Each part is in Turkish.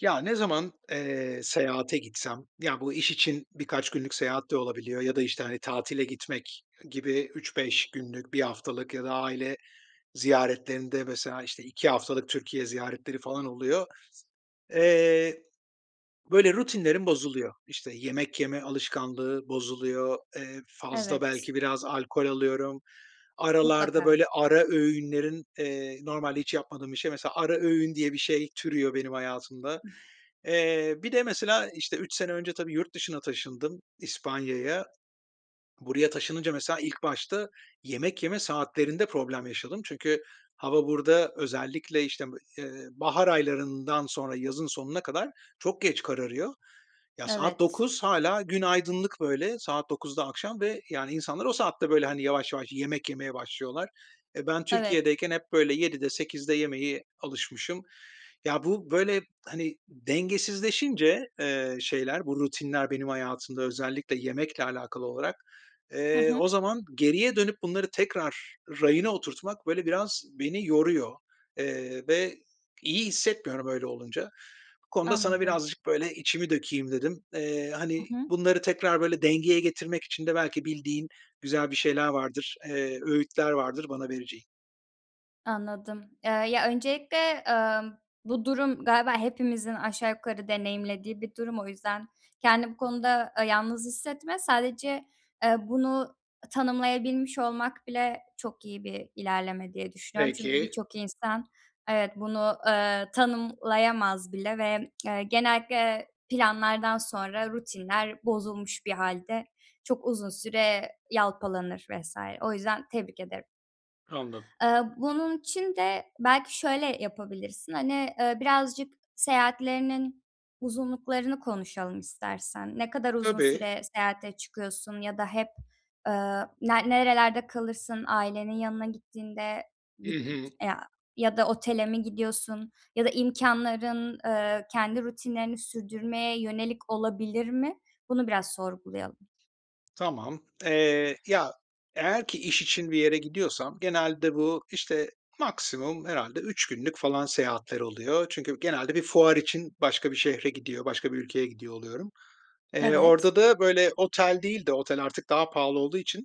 Ya, ne zaman, eee, seyahate gitsem, ya, bu iş için birkaç günlük seyahat de olabiliyor ya da, işte, hani, tatile gitmek gibi 3-5 günlük, 1 haftalık ya da aile ziyaretlerinde, mesela, işte, 2 haftalık Türkiye ziyaretleri falan oluyor. Eee, böyle rutinlerim bozuluyor, işte, yemek yeme alışkanlığı bozuluyor, eee, fazla Evet. belki biraz alkol alıyorum, aralarda Mutlaka. böyle ara öğünlerin, eee, normalde hiç yapmadığım bir şey, mesela, ara öğün diye bir şey türüyor benim hayatımda. [unintelligible] Eee, bir de, mesela, işte, 3 sene önce, tabii, yurt dışına taşındım, İspanya'ya. Buraya taşınınca, mesela, ilk başta yemek yeme saatlerinde problem yaşadım çünkü hava burada özellikle, işte, m eee, bahar aylarından sonra yazın sonuna kadar çok geç kararıyor. Ya, saat Evet. 21:00 hâlâ gün aydınlık, böyle saat 21:00'da akşam ve, yani, insanlar o saatte böyle, hani, yavaş yavaş yemek yemeye başlıyorlar. E, ben Evet. Türkiye'deyken hep böyle 19:00'de 20:00'de yemeye alışmışım. Ya, bu böyle, hani, dengesizleşince, eee, şeyler, bu rutinler benim hayatımda, özellikle yemekle alakalı olarak, Hı eee, o hı. zaman geriye dönüp bunları tekrar rayına oturtmak böyle biraz beni yoruyor, eee, ve iyi hissetmiyorum öyle olunca. Bu konuda sana Anladım. birazcık böyle içimi dökeyim dedim. Eee, Hı hani, hı. bunları tekrar böyle dengeye getirmek için de belki bildiğin güzel bir şeyler vardır, eee, öğütler vardır bana vereceğin. Anladım. Iıı, ya öncelikle, ımm, bu durum galiba hepimizin aşağı yukarı deneyimlediği bir durum. O yüzden kendini bu konuda, ııı, yalnız hissetme. Sadece, ııı, bunu tanımlayabilmiş olmak bile çok iyi bir ilerleme diye düşünüyorum. Çünkü Peki. birçok insan, evet, bunu, ııı, tanımlayamaz bile ve, ııı, genellikle, ııı, planlardan sonra rutinler bozulmuş bir hâlde çok uzun süre yalpalanır vs. O yüzden tebrik ederim. Anladım. Iıı, bunun için de belki şöyle yapabilirsin. Hani, aaa, birazcık seyahatlerinin uzunluklarını konuşalım istersen. Ne kadar uzun Tabii. süre seyahate çıkıyorsun ya da hep, ııı, na nerelerde kalırsın ailenin yanına gittiğinde? Hı Git hı. aaa, ya da otele mi gidiyorsun ya da imkânların, ııı, kendi rutinlerini sürdürmeye yönelik olabilir mi? Bunu biraz sorgulayalım. Tamam. Eee, ya, eğer ki iş için bir yere gidiyorsam genelde bu, işte, maksimum herhâlde 3 günlük falan seyahatler oluyor. Çünkü genelde bir fuar için başka bir şehre gidiyor, başka bir ülkeye gidiyor oluyorum. Eee, Evet. orada da böyle otel değil de, otel artık daha pahalı olduğu için,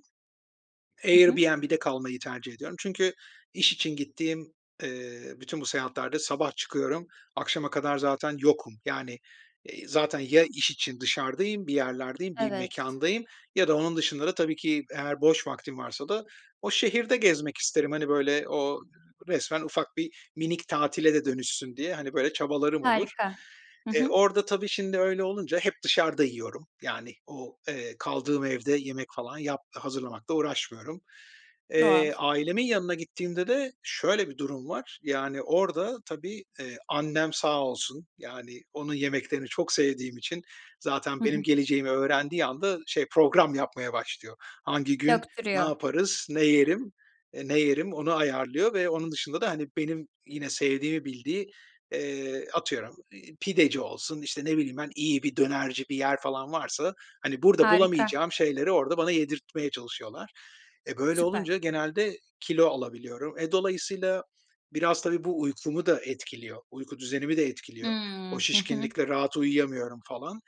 Hı hı. Airbnb'de kalmayı tercih ediyorum. Çünkü iş için gittiğim, ııı, bütün bu seyahatlerde sabah çıkıyorum, akşama kadar zaten yokum. Yani, eee, zaten ya iş için dışarıdayım, bir yerlerdeyim, bir Evet. mekândayım ya da onun dışında da tabii ki eğer boş vaktim varsa da o şehirde gezmek isterim. Hani, böyle o resmen ufak bir, minik tatile de dönüşsün diye hani böyle çabalarım olur. Harika, hı E, hı. orada, tabii, şimdi öyle olunca, hep dışarıda yiyorum, yani, o, eee, kaldığım evde yemek falan yap hazırlamakla uğraşmıyorum. Doğal. Eee, ailemin yanına gittiğimde de şöyle bir durum var. Yani orada tabii, eee, annem sağ olsun, yani, onun yemeklerini çok sevdiğim için zaten Hı benim hı. geleceğimi öğrendiği anda şey program yapmaya başlıyor. Hangi gün ne Döktürüyor. yaparız, ne yerim, eee, ne yerim onu ayarlıyor ve onun dışında da, hani, benim, yine, sevdiğimi bildiği, ııı, atıyorum iii, pideci olsun, işte, ne bileyim ben iyi bir dönerci bir yer falan varsa, hani, burada Harika. bulamayacağım şeyleri orada bana yedirtmeye çalışıyorlar. E, böyle olunca Süper. genelde kilo alabiliyorum. E, dolayısıyla biraz, tabii bu uykumu da etkiliyor, uyku düzenimi de etkiliyor. O Hımm. Hı hı. şişkinlikle rahat uyuyamıyorum falan.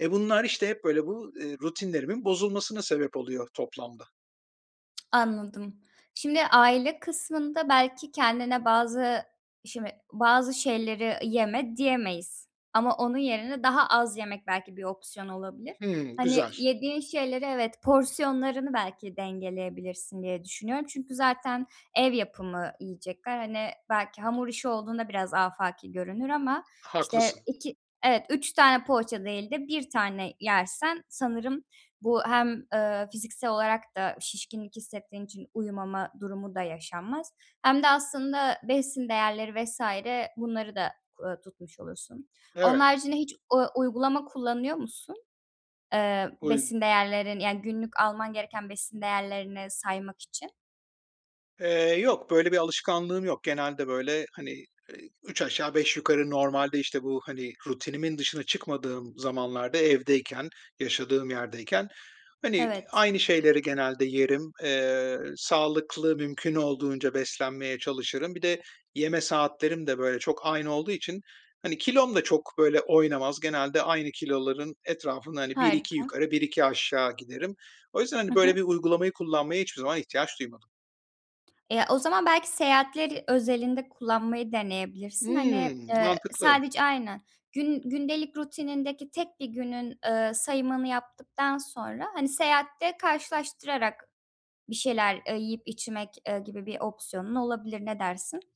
E, bunlar, işte, hep böyle bu, ııı, rutinlerimin bozulmasına sebep oluyor toplamda. Anladım. Şimdi aile kısmında belki kendine bazı Şimdi, bazı şeyleri "yeme" diyemeyiz. Ama onun yerine daha az yemek belki bir opsiyon olabilir. Hımm. Hani, Güzel. yediğin şeyleri, evet, porsiyonlarını belki dengeleyebilirsin diye düşünüyorum çünkü zaten ev yapımı yiyecekler. Hani, belki hamur işi olduğunda biraz afaki görünür ama, işte, Haklısın. 2 Evet, 3 tane poğaça değil de 1 tane yersen sanırım bu hem, eee, fiziksel olarak da şişkinlik hissettiğin için uyumama durumu da yaşanmaz hem de aslında besin değerleri vs. bunları da ku aaa, tutmuş olursun. Onun Evet. haricinde hiç u uygulama kullanıyor musun? Eee, Uygu besin değerlerin Yani günlük alman gereken besin değerlerini saymak için. Eee, yok, böyle bir alışkanlığım yok. Genelde, böyle, hani, eee, üç aşağı beş yukarı normalde, işte, bu, hani, rutinimin dışına çıkmadığım zamanlarda, evdeyken, yaşadığım yerdeyken, hani, Evet. aynı şeyleri genelde yerim. Eee, sağlıklı, mümkün olduğunca beslenmeye çalışırım. Bir de yeme saatlerim de, böyle, çok aynı olduğu için, hani, kilom da çok böyle oynamaz. Genelde aynı kiloların etrafında, hani, 1-2 Harika. yukarı, 1-2 aşağı giderim. O yüzden, Hı hani, böyle hı. bir uygulamayı kullanmaya hiçbir zaman ihtiyaç duymadım. Eee, o zaman belki seyahatler özelinde kullanmayı deneyebilirsin. Hani, Hımm. eee, Mantıklı. sadece, aynen, gün gündelik rutinindeki tek 1 günün, eee, sayımını yaptıktan sonra, hani, seyahatte karşılaştırarak bir şeyler, eee, yiyip içmek, eee, gibi bir opsiyonun olabilir. Ne dersin?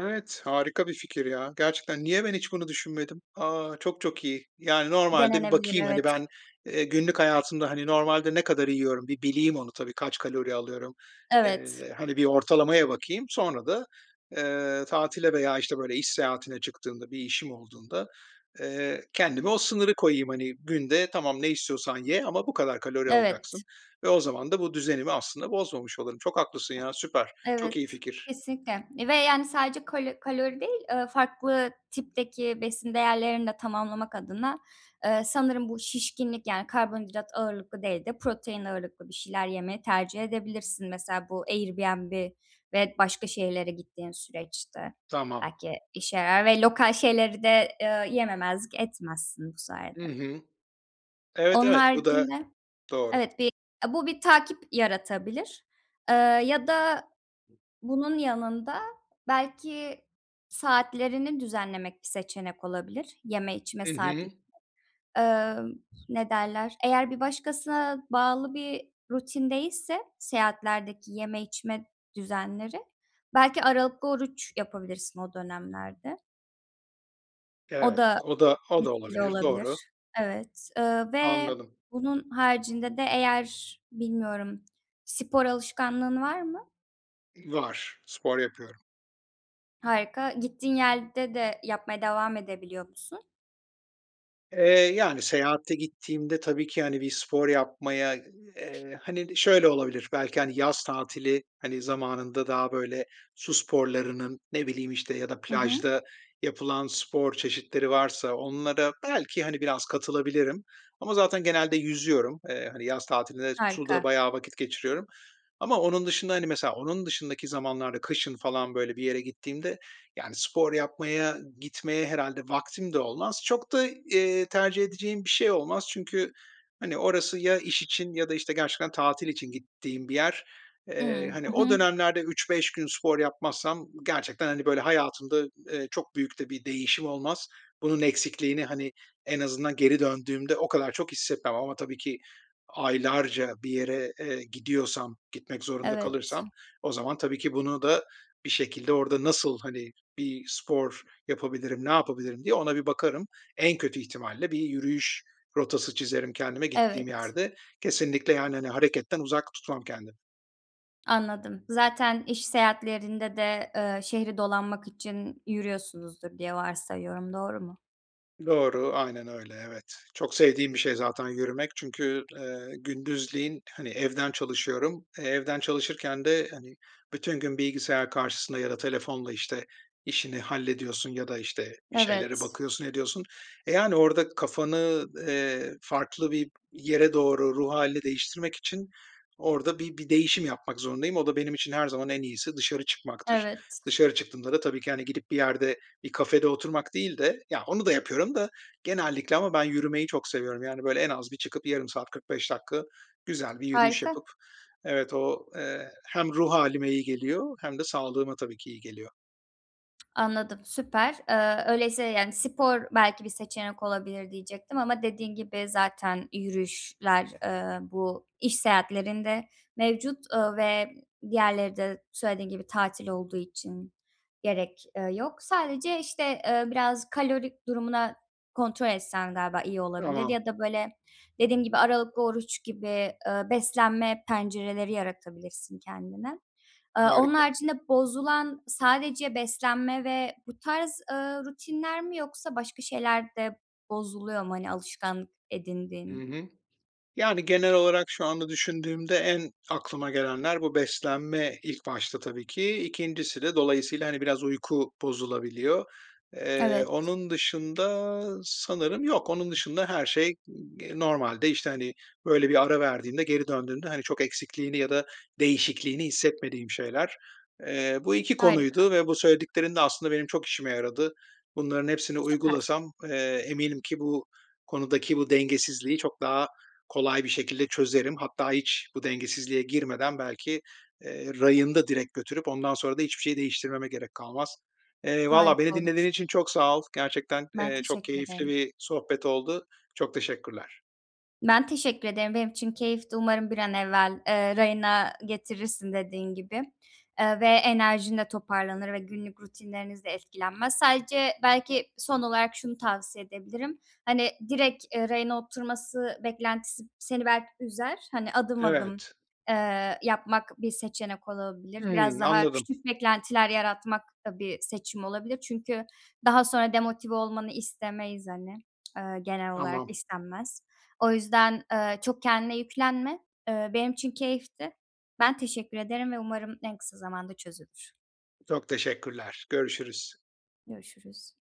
Evet, harika bir fikir ya. Gerçekten, niye ben hiç bunu düşünmedim? A, çok çok iyi. Yani, normalde Denenebilir bakayım, hani, evet. ben, eee, günlük hayatımda, hani, normalde ne kadar yiyorum, bir bileyim onu tabii, kaç kalori alıyorum, Evet. eee, hani, bir ortalamaya bakayım. Sonra da, eee, tatile veya, işte, böyle iş seyahatine çıktığımda, bir işim olduğunda, eee, kendime o sınırı koyayım. Hani, “Günde, tamam, ne istiyorsan ye ama bu kadar kalori alacaksın.” Evet. ve o zaman da bu düzenimi aslında bozmamış olurum. Çok haklısın ya, süper. Evet. Çok iyi fikir. Kesinlikle ve, yani, sadece kalo kalori değil, eee, farklı tipteki besin değerlerini de tamamlamak adına, eee, sanırım, bu şişkinlik yani, karbonhidrat ağırlıklı değil de protein ağırlıklı bir şeyler yemeyi tercih edebilirsin, mesela, bu Airbnb ve başka şehirlere gittiğin süreçte. Tamam. Belki işe yarar ve lokal şeyleri de, eee, yememezlik etmezsin bu Hı sayede. hı. Evet Onun evet. Bu da, haricinde, doğru. evet, bir, eee, bu bir takip yaratabilir, eee, ya da bunun yanında, belki saatlerini düzenlemek bir seçenek olabilir, yeme içme Hı saatleri. hı. Emm, ne derler, eğer bir başkasına bağlı bir rutin değilse seyahatlerdeki yeme içme düzenleri, belki aralıklı oruç yapabilirsin o dönemlerde. O Evet da o da o da etkili olabilir, doğru. olabilir. Evet. Eee, ve Anladım. bunun haricinde de eğer bilmiyorum spor alışkanlığın var mı? Var, spor yapıyorum. Harika. Gittiğin yerde de yapmaya devam edebiliyor musun? Eee, yani, seyahate gittiğimde tabii ki, hani, bir spor yapmaya, eee, hani, şöyle olabilir, belki, hani, yaz tatili, hani, zamanında daha böyle su sporlarının, ne bileyim, işte, ya da Hı hı. plajda yapılan spor çeşitleri varsa onlara belki, hani, biraz katılabilirim ama zaten genelde yüzüyorum. Eee, hani, yaz tatilinde suda Harika. bayağı vakit geçiriyorum ama onun dışında, hani, mesela onun dışındaki zamanlarda, kışın falan böyle bir yere gittiğimde, yani, spor yapmaya gitmeye herhâlde vaktim de olmaz. Çok da, eee, tercih edeceğim bir şey olmaz. Çünkü, hani, orası ya iş için ya da, işte, gerçekten tatil için gittiğim bir yer. Eee, Hımm, hani, hı o hı. dönemlerde 3-5 gün spor yapmazsam gerçekten, hani, böyle hayatımda, eee, çok büyük de bir değişim olmaz. Bunun eksikliğini, hani, en azından geri döndüğümde, o kadar çok hissetmem ama tabii ki aylarca bir yere, eee, gidiyorsam, gitmek zorunda Evet. kalırsam o zaman, tabii ki bunu da bir şekilde orada nasıl, hani, bir spor yapabilirim, ne yapabilirim diye ona bir bakarım. En kötü ihtimalle bir yürüyüş rotası çizerim kendime gittiğim Evet. yerde. Kesinlikle, yani, hani, hareketten uzak tutmam kendimi. Anladım. Zaten iş seyahatlerinde de, eee, şehri dolanmak için yürüyorsunuzdur diye varsayıyorum. Doğru mu? Doğru, aynen öyle, evet. Çok sevdiğim bir şey zaten yürümek. Çünkü, eee, gündüzleyin, hani, evden çalışıyorum. Eee, evden çalışırken de, hani, bütün gün bilgisayar karşısına ya da telefonla, işte, işini hallediyorsun ya da, işte, bir şeylere Evet. bakıyorsun, ediyorsun. E, yani, orada kafanı, eee, farklı bir yere doğru ruh hâlini değiştirmek için orada bir bir değişim yapmak zorundayım. O da benim için her zaman en iyisi dışarı çıkmaktır. Evet. Dışarı çıktığımda da tabii ki, hani, gidip bir yerde bir kafede oturmak değil de, ya, onu da yapıyorum da genellikle ama ben yürümeyi çok seviyorum. Yani, böyle, en az bir çıkıp 0,5 saat 45 dakika güzel bir yürüyüş yapıp Harika. Evet o, eee, hem ruh hâlime iyi geliyor hem de sağlığıma tabii ki iyi geliyor. Anladım. Süper. Eee, öyleyse, yani, spor belki bir seçenek olabilir diyecektim ama dediğin gibi zaten yürüyüşler, eee, bu iş seyahatlerinde mevcut, eee, ve diğerleri de söylediğin gibi tatil olduğu için gerek, eee, yok. Sadece, işte, eee, biraz kalori durumuna kontrol etsen galiba iyi olabilir Tamam. ya da, böyle, dediğim gibi aralıklı oruç gibi, eee, beslenme pencereleri yaratabilirsin kendine. Aaa, onun Harika. haricinde bozulan sadece beslenme ve bu tarz, ııı, rutinler mi, yoksa başka şeyler de bozuluyor mu, hani, alışkanlık Hı edindiğin? hı. Yani, genel olarak şu anda düşündüğümde en aklıma gelenler, bu beslenme ilk başta tabii ki. 2.'si de dolayısıyla, hani, biraz uyku bozulabiliyor. Eee, Evet. onun dışında sanırım yok. Onun dışında, her şey ig eee normalde, işte, hani, böyle bir ara verdiğinde, geri döndüğünde, hani, çok eksikliğini ya da değişikliğini hissetmediğim şeyler. Eee, bu 2 Harika. konuydu ve bu söylediklerin de aslında benim çok işime yaradı. Bunların hepsini Süper. uygulasam, eee, eminim ki bu konudaki bu dengesizliği çok daha kolay bir şekilde çözerim. Hatta hiç bu dengesizliğe girmeden belki, eee, rayında direkt götürüp ondan sonra da hiçbir şeyi değiştirmeme gerek kalmaz. Eee, vallaha beni Harika olur. dinlediğin için çok sağ ol. Gerçekten, Ben eee, çok teşekkür keyifli ederim. bir sohbet oldu. Çok teşekkürler. Ben teşekkür ederim. Benim için keyifti. Umarım bir an evvel, eee, rayına getirirsin dediğin gibi. Eee, ve enerjin de toparlanır ve günlük rutinleriniz de etkilenmez. Sadece belki son olarak şunu tavsiye edebilirim. Hani, direkt, eee, rayına oturması beklentisi b seni belki üzer. Hani, adım adım, Evet. eee, yapmak bir seçenek olabilir. Biraz Hımm, daha anladım. küçük beklentiler yaratmak da bir seçim olabilir. Çünkü daha sonra demotive olmanı istemeyiz hani. Iıı, genel olarak Tamam. istenmez. O yüzden, eee, çok kendine yüklenme. Eee, benim için keyifti. Ben teşekkür ederim ve umarım en kısa zamanda çözülür. Çok teşekkürler. Görüşürüz. Görüşürüz.